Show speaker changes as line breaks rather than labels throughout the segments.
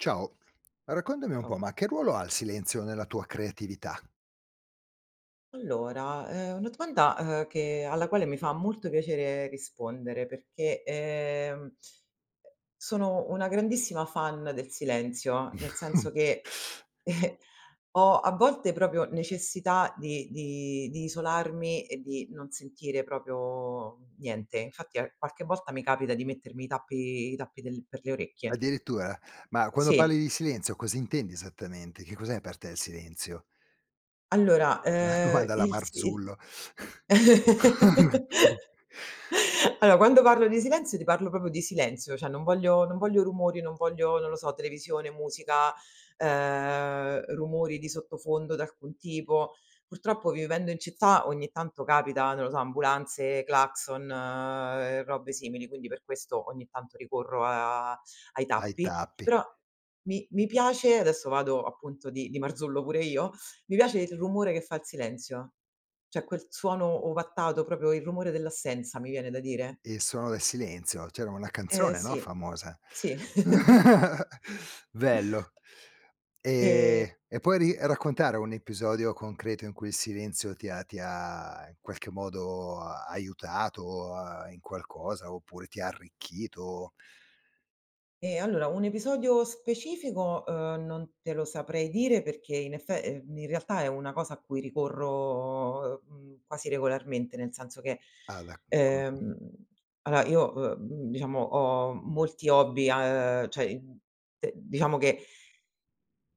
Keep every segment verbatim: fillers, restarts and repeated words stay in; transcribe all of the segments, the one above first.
Ciao, raccontami un po',
ao.
ma che ruolo ha il silenzio nella tua creatività?
Allora, è una domanda, ehm, che alla quale mi fa molto piacere rispondere perché, ehm, sono una grandissima fan del silenzio, nel senso che ho a volte propio necessità di di di isolarmi e di non sentire proprio niente, infatti a qualche volta mi capita di mettermi i tappi i tappi del per le orecchie.
Addirittura, ma quando
Sì.
parli di silenzio, cosa intendi esattamente? Che cos'è per te il silenzio?
Allora,
Una
ehm,
domanda alla
il si il
Marzullo!
allo quando parlo di silenzio ti parlo propo di silenzio, ceh non voglio non voglio rumori, non voglio, non lo so, televisione, musica, ehm, rumori di sottofondo d'alcun tipo. Purtroppo vivendo in città ogni tanto capita, non lo so, ambulanze, clacson, uhm, robe simili, quindi per questo ogni tanto ricorro a ai
Ai
tappi,
tappi.
però mi mi piace adesso vado, appunto, di di Marzullo pure io, mi piace il rumore che fa il silenzio, ceh quel suono ovattato, proprio il rumore dell'assenza, mi viene da dire.
Il suono del silenzio. C'era una
Eh
canzone, no,
sì,
famosa.
sì.
Bello!
Ehm
Ehm, e puoi ri raccontare un episodio concreto in cui il silenzio ti ha ti ha, in qualche modo, aiutato, ehm, in qualcosa oppure ti ha arricchito?
Ehm, allora, un episodio specifico, uhm, non te lo saprei dire perché in effe ehm, in realtà, è una cosa a cui ricorro, uhm, quasi regolarmente, nel senso che,
Ah, da [unintelligible]
ehm, aloa io, uhm, diciamo ho molti hobby a ceh, uhm, diciamo che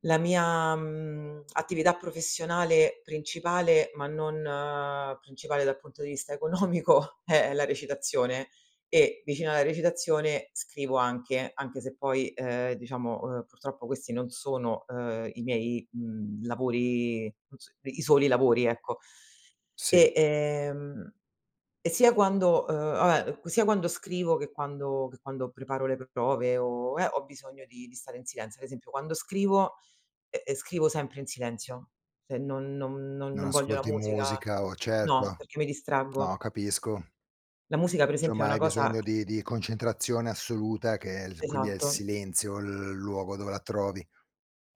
la mia, mhmm, attività professionale principale, ma non principale dal punto di vista economico, è la recitazione e vicina alla recitazione scrivo anche, anche se poi, ehm, diciamo, uhm, purtroppo, questi non sono, ehm, i miei, mhmm, lavori, mhmm, s i soli lavori, ecco.
Sì.
E, ehm, e sia quando, ehm, abbè sia quando scrivo che quando che quando preparo le prove o eh, ho bisogno di di stare in silenzio, ad esempio, quando scrivo, ehm, scrivo sempre in silenzio, se non non
Non
non voglio la
ascolti
musica
musica o
no
certo,
perché mi
no,
distraggo.
capisco.
La musica, per esempio, è
Somma
una
hai
cosa
bisogno di di concentrazione assoluta che è il quindi è il
Esatto.
silenzio il luogo dove la trovi.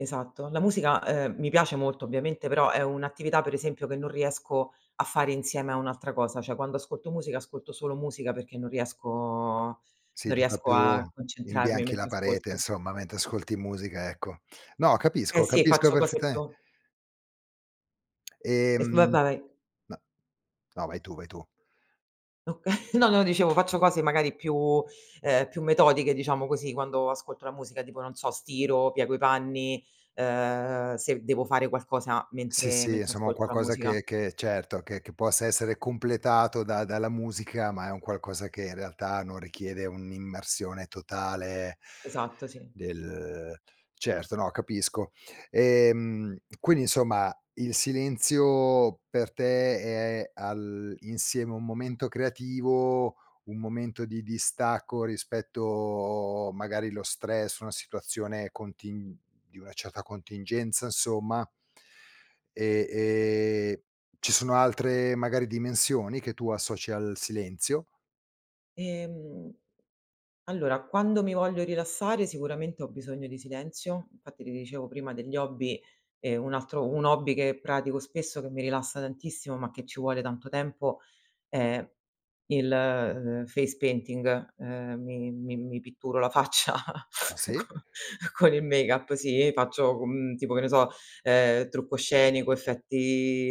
Esatto. La musica, ehm, mi piace molto ovviamente, però è un'attività, per esempio, che non riesco a fare insieme a un'altra cosa, ceh quando ascolto musica, ascolto solo musica perché non riesco
Sì,
non
tutta
riesco
più
a concentrarmi
imbianchi
mentre
la parete,
ascolto.
insomma, mentre ascolti musica, ecco. No,
Eh
capisco,
sì,
capisco
faccio cose
perfettame
più Eh f va
Ehm,
vai.
n no, vai tu, vai tu.
Okay. No, no dicevo faccio cose magari più ehm, più metodiche diciamo così, quando ascolto la musica tipo non so, stiro, piego i panni, ehm, se devo fare qualcosa
Sì,
mentre
sì,
mentre
insomma, un
ascolto la
qualcosa
musica.
che che certo, che che possa essere completato da dalla musica, ma è un qualcosa che, in realtà, non richiede un'immersione totale
Esatto, sì.
del certo, no capisco, ehm, quindi, insomma, il silenzio per te è all'insieme un momento creativo, un momento di distacco rispetto magari lo stress, una situazione contin di una certa contingenza, insomma. E, ehm, ci sono altre magari dimensioni che tu associ al silenzio?
Ehm, allora, quando mi voglio rilassare, sicuramente, ho bisogno di silenzio. Infatti, ti dicevo prima degli hobby, ehm, un altro un hobby che pratico spesso che mi rilassa tantissimo, ma che ci vuole tanto tempo è il, ehm, face painting. Ehm, mi mi mi pitturo la faccia
Ah sì?
co con il make up sì faccio, mhmm, tipo, che ne so, ehm, trucco scenico, effetti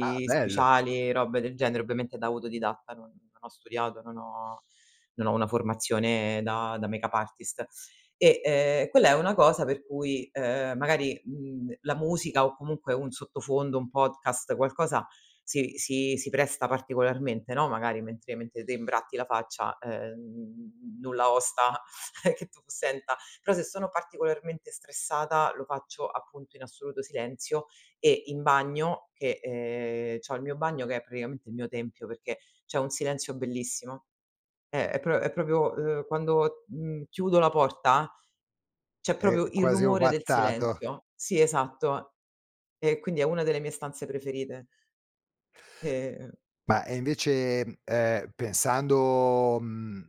Ah, bello!
speciali, robe del genere, ovviamente da auto didatta, non non ho studiato, non ho non ho una formazione da da make up artist e, ehm, quella è una cosa per cui, ehm, magari, mhmm, la musica o comunque un sottofondo, un podcast, qualcosa si si si presta particolarmente, no, magari mentre mentre te imbratti la faccia, ehm, nulla osta che tu senta, però se sono particolarmente stressata, lo faccio, appunto, in assoluto silenzio e in bagno che ehm, c'ho il mio bagno che è praticamente il mio tempio, perché c'è un silenzio bellissimo, eh, è pro è propio uhm, quando, mhmm, chiudo la porta, c'è
È
propio il
quasi
rumore del
ovattato!
silenzio. Sì, esatto. E quindi è una delle mie stanze preferite. Ehm
Ma, ehm, invece, ehm, pensando mhmm,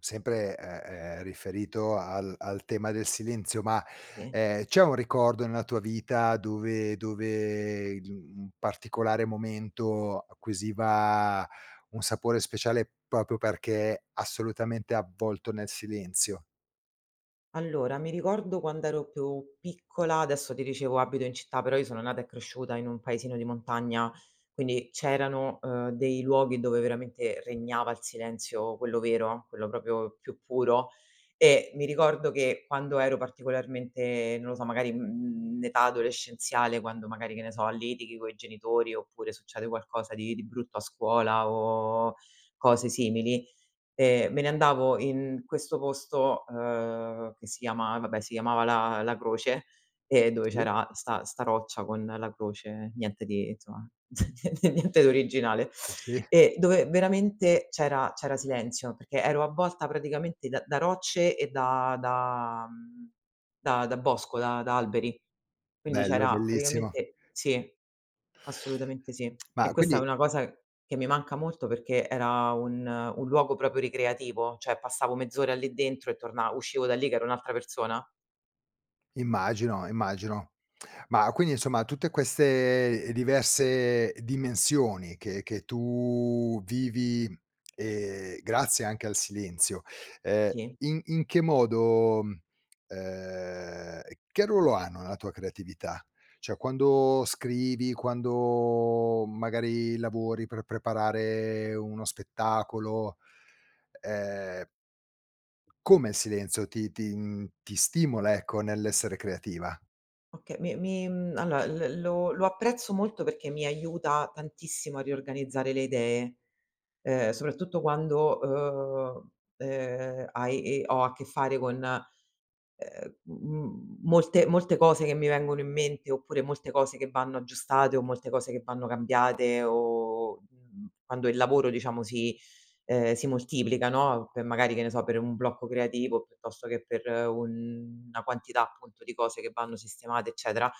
sempre, ehm, ehm, riferito al al tema del silenzio, ma,
Sì.
ehm, c'è un ricordo nella tua vita dove dove in un particolare momento acquisiva un sapore speciale, propio perché assolutamente avvolto nel silenzio?
Allora, mi ricordo quand'ero più piccola adesso ti dicevo abito in città, però io sono nata e cresciuta in un paesino di montagna, quindi c'erano, ehm, dei luoghi dove veramente regnava il silenzio quello vero, quello propio più puro e mi ricordo che quando ero particolarmente non lo so, magari, mhmm, in età adolescenziale quando magari, che ne so, litighi coi genitori oppure succede qualcosa di di brutto a scuola o cose simili, ehm, me ne andavo in questo posto, ehm, che si chiama vabbè, si chiamava la la croce e dove
Sì?
c'era 'sta 'sta roccia con la croce, niente di insomma, nie niente di originale
Sì.
e dove veramente c'era c'era silenzio perché ero avvolta praticamente da da rocce e da da mhmm, da da bosco, da da alberi, quindi
Bello, è
c'era
bellissimo!
praticamente sì, assolutamente sì e
Ma
questa è
quindi
una cosa che mi manca molto perché era un un luogo propio ricreativo, ceh passavo mezz'ora lì dentro e torna uscivo da lì che ero un'altra persona.
Immagino, immagino, ma quindi, insomma, tutte queste, ehm, diverse dimensioni che che tu vivi, ehm, grazie anche al silenzio, ehm,
Sì.
in in che modo ehm, che ruolo hanno nella tua creatività? Cioè, quando scrivi, quando magari lavori per preparare uno spettacolo, ehm, come il silenzio ti ti mhmm, ti stimola, ecco, nell'essere creativa?
Oka mi mi mhmm, alloa, l lo lo apprezzo molto perché mi aiuta tantissimo a riorganizzare le idee, ehm, soprattutto quando, uhm, ehm, hai e ho a che fare con, ehm, m m molte molte cose che mi vengono in mente oppure molte cose che vanno aggiustate o molte cose che vanno cambiate o, mhmm, quando il lavoro diciamo si ehm, si moltiplica, no, per magari, che ne so, per un blocco creativo piuttosto che per una quantità, appunto, di cose che vanno sistemate, eccetera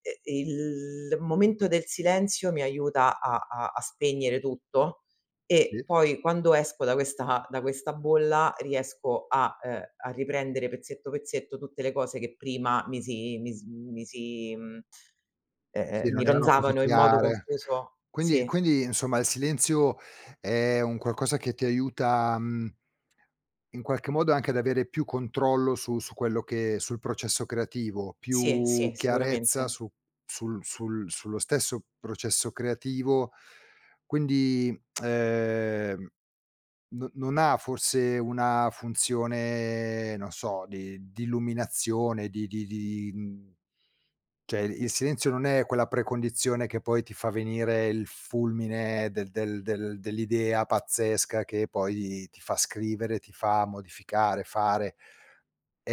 e e il momento del silenzio mi aiuta a a a spegnere tutto e
Sì?
poi quando esco da questa da questa bolla riesco a uhm, a riprendere pezzetto pezzetto tutte le cose che prima mi si mis mi si mhmm,
Sì,
ehm, mi
non erano così
ronzavano in modo
chiare.
confuso,
Quindi
sì.
quindi, insomma, il silenzio è un qualcosa che ti aiuta, mhmm in qualche modo anche ad avere più controllo su su quello che sul processo creativo,
Sì,
più
sì,
chiarezza
sicuramente.
su sul sul sullo stesso processo creativo, quindi, ehm, no non ha, forse, una funzione, non so, di di illuminazione, di di di, mhmm ceh, il silenzio non è quella precondizione che poi ti fa venire il fulmine del del del dell'idea pazzesca che poi ti fa scrivere, ti fa modificare, fare,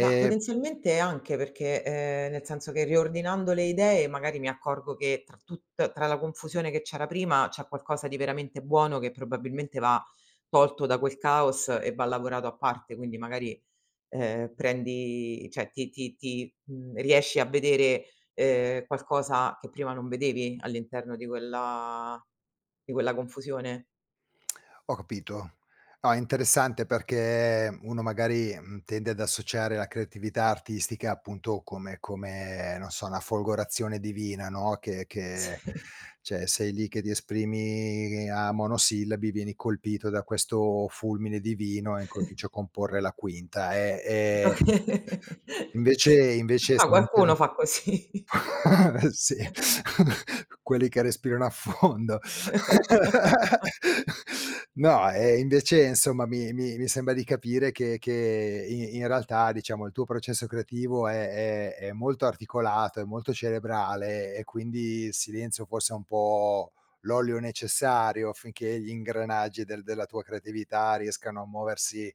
Ma, potenzialmente, anche perché ehm, nel senso che riordinando le idee magari mi accorgo che tra tutt tra la confusione che c'era prima, c'è qualcosa di veramente buono che probabilmente va tolto da quel caos e va lavorato a parte, quindi magari, ehm, prendi ceh ti ti ti mhmm, riesci a vedere, ehm, qualcosa che prima non vedevi all'interno di quella di quella confusione.
Ho capito. Ah, è interessante perché uno, magari, mhmm, tende ad associare la creatività artistica, appunto, come come, non so, una folgorazione divina, no, che che
Sì.
ceh sei lì che ti esprimi a monosillabi, vieni colpito da questo fulmine divino e incomincio a comporre la quinta, ehm, e
Oka
invece invece
Ma qualcuno
[unintelligible]
fa così.
sì, quelli che respirano a fondo. No, ehm, invece, insomma, mi mi mi sembra di capire che che i in realtà, diciamo, il tuo processo creativo è è è molto articolato, è molto cerebrale e quindi il silenzio forse è un po' l'olio necessario affinché gli ingranaggi del della tua creatività riescano a muoversi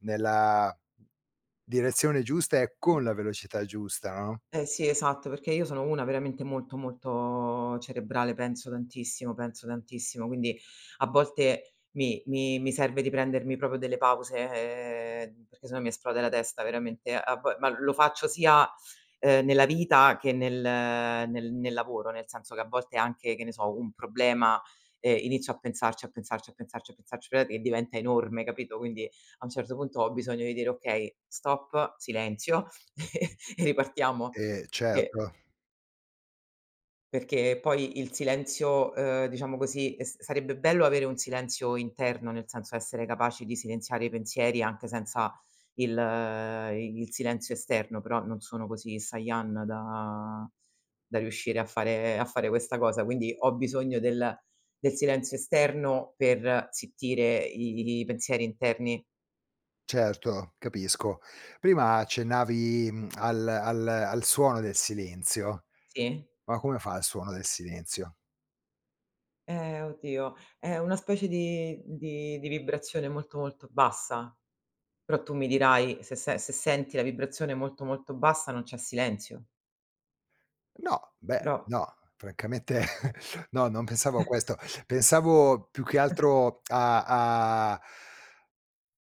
nella direzione giusta e con la velocità giusta, no?
Eh sì, esatto, perché io sono una veramente molto, molto cerebrale, penso tantissimo, penso tantissimo, quindi a volte mi mi mi serve di prendermi propio delle pause, ehm, perché se no mi esplode la testa veramente, a vo ma lo faccio sia, ehm, nella vita che nel nel nel lavoro, nel senso che a volte anche, che ne so, un problema, ehm, inizio a pensarci, a pensarci, a pensarci, a pensarci, ve e diventa enorme, capito, quindi, a un certo punto, ho bisogno di dire: "Okay, stop, silenzio e ripartiamo
Eh,
che
certo.
Perché poi il silenzio ehm, diciamo così, s sarebbe bello avere un silenzio interno, nel senso essere capaci di silenziare i pensieri anche senza il i il silenzio esterno, però non sono così Sayan da da riuscire a fare a fare questa cosa, quindi ho bisogno del del silenzio esterno per zittire i pensieri interni.
Certo, capisco. Prima accennavi, mhmm, al al al suono del silenzio,
Sì.
ma come fa il suono del silenzio?
Ehm, oddio, è una specie di di di vibrazione molto, molto bassa, però tu mi dirai se se se senti la vibrazione molto, molto bassa, non c'è silenzio.
No, beh,
Però
no, francamente, no, non pensavo a questo, pensavo più che
[unintelligible]
altro a a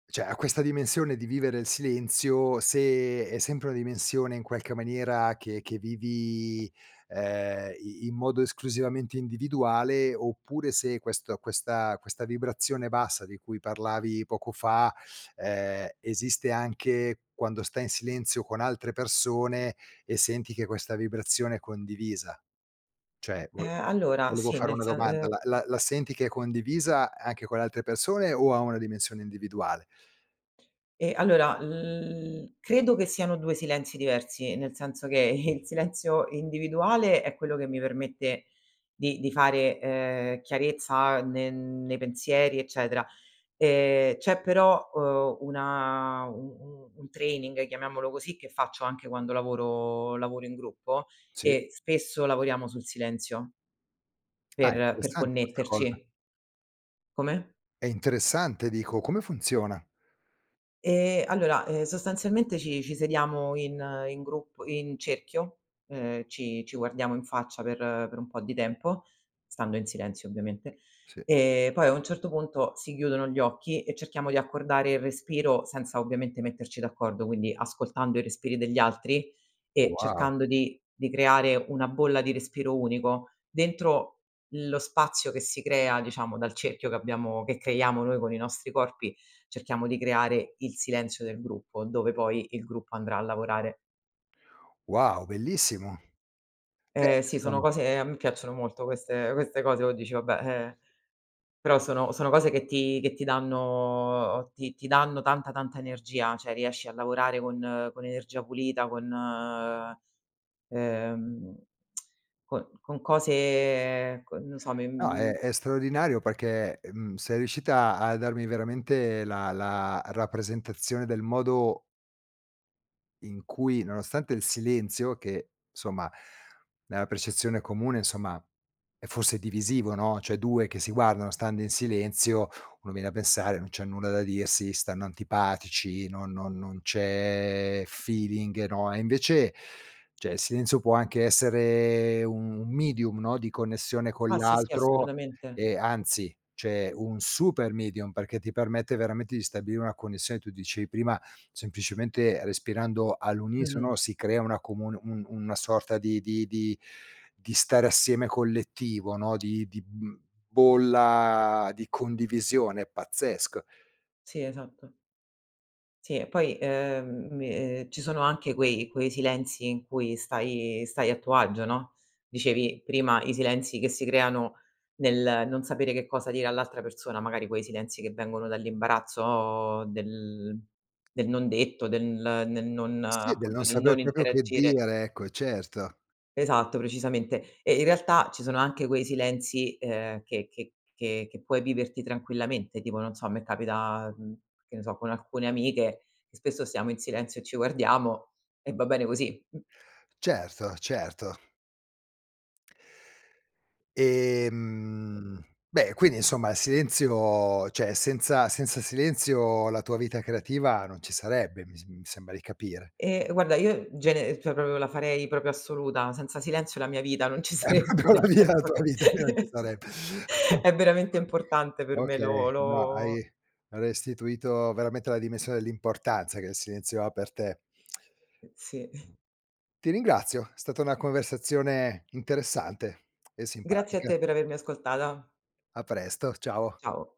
ceh, a questa dimensione di vivere il silenzio, se è sempre una dimensione, in qualche maniera, che che vivi, ehm, i in modo esclusivamente individuale oppure se questo questa questa vibrazione bassa di cui parlavi poco fa, ehm, esiste anche quando stai in silenzio con altre persone e senti che questa vibrazione è condivisa, ceh vo
Ehm,
vo
allora,
volevo
sì,
fare
nel
una
sen
domanda
ehm
da la la la senti che è condivisa anche con le altre persone o ha una dimensione individuale?
Eh, allora l credo che siano due silenzi diversi, nel senso che il silenzio individuale è quello che mi permette di di fare, ehm, chiarezza ne nei pensieri, eccetera. Ehm, c'è, però, uhm, una u u un training, chiamiamolo così, che faccio anche quando lavoro lavoro in gruppo
Sì.
e spesso lavoriamo sul silenzio
Ah! È
per per
interessante questa cosa!
connetterci. Come?
È interessante, dico, come funziona?
Ehm, allora, ehm, sostanzialmente, ci ci sediamo in in grup in cerchio, ehm, ci ci guardiamo in faccia per per un po' di tempo, stando in silenzio, ovviamente,
Sì.
ehm, poi, a un certo puntoc, si chiudono gli occhi e cerchiamo di accordare il respiro, senza ovviamente metterci d'accordo, quindi ascoltando i respiri degli altri e
Wow!
cercando di di creare una bolla di respiro unico, dentro lo spazio che si crea, diciamo, dal cerchio che abbiamo che creiamo noi con i nostri corpi, cerchiamo di creare il silenzio del gruppo, dove poi il gruppo andrà a lavorare.
Wow, bellissimo! Beh,
Ehm, sì, sono
siamo
cose ehm, a me piacciono molto queste queste cose, o dici: Vabbè", ehm, però sono sono cose che ti che ti danno ti ti danno tanta, tanta energia, ceh riesci a lavorare con con energia pulita, con, ehm, co con cose con non so, me,
No, è
mhmm
è straordinario perché, mhmm, sei riuscita a darmi veramente la la rappresentazione del modo in cui, nonostante il silenzio che, insomma, nella percezione comune, insomma, è forse divisivo, no, ceh due che si guardano stando in silenzio, uno viene da pensare: "Non c'è nulla da dirsi, stanno antipatici, non no non c'è feeling", no? E invece, ceh, il silenzio può anche essere un un medium no, di connessione con
Ah sì, sì,
l'altro,
assolutamente!
e anzi, c'è un super medium perché ti permette veramente di stabilire una connessione tu dicevi prima, semplicemente respirando
Mh-mh.
all'unisono si crea una comun un un una sorta di di di di stare assieme collettivo no, di di, mhmm, bolla di condivisione pazzesca.
Sì, esatto. Sì e poi, ehm, mi ehm, ci sono anche quei quei silenzi in cui stai stai a tuo agio, no? Dicevi prima, i silenzi che si creano nel non sapere che cosa dire all'altra persona, magari quei silenzi che vengono dall'imbarazzo del del non detto, del nel non
Sì, del
appunto,
non
del non
saper propio che
interagire.
dire, ecco, certo.
Esatto, precisamente, e, in realtà, ci sono anche quei silenzi, ehm, che che che che puoi viverti tranquillamente, tipo, non so, a me capita, mhmm, che ne so, con alcune amiche che spesso stiamo in silenzio e ci guardiamo e va bene cos.
Certo, certo. Ehm, beh, quindi, insomma, il silenzio ceh senza sensa silenzio la tua vita creativa non ci sarebbe, mi s mi sembra di capire.
Ehm, guarda io gene cioè, propio la farei propio assoluta, senza silenzio la mia vita non ci
È
sarebbe,
propio
nel
la vi la
senso
tua
che
vita che non ci sarebbe.
è veramente importante per me
Okay,
lo
no hai
lo
hai restituito veramente la dimensione dell'importanza che il silenzio ha per te.
Sì.
Ti ringrazio, è stata una conversazione interessante e
Grazie a
simpatica.
te per avermi ascoltada.
A presto, ciao.
Ciao.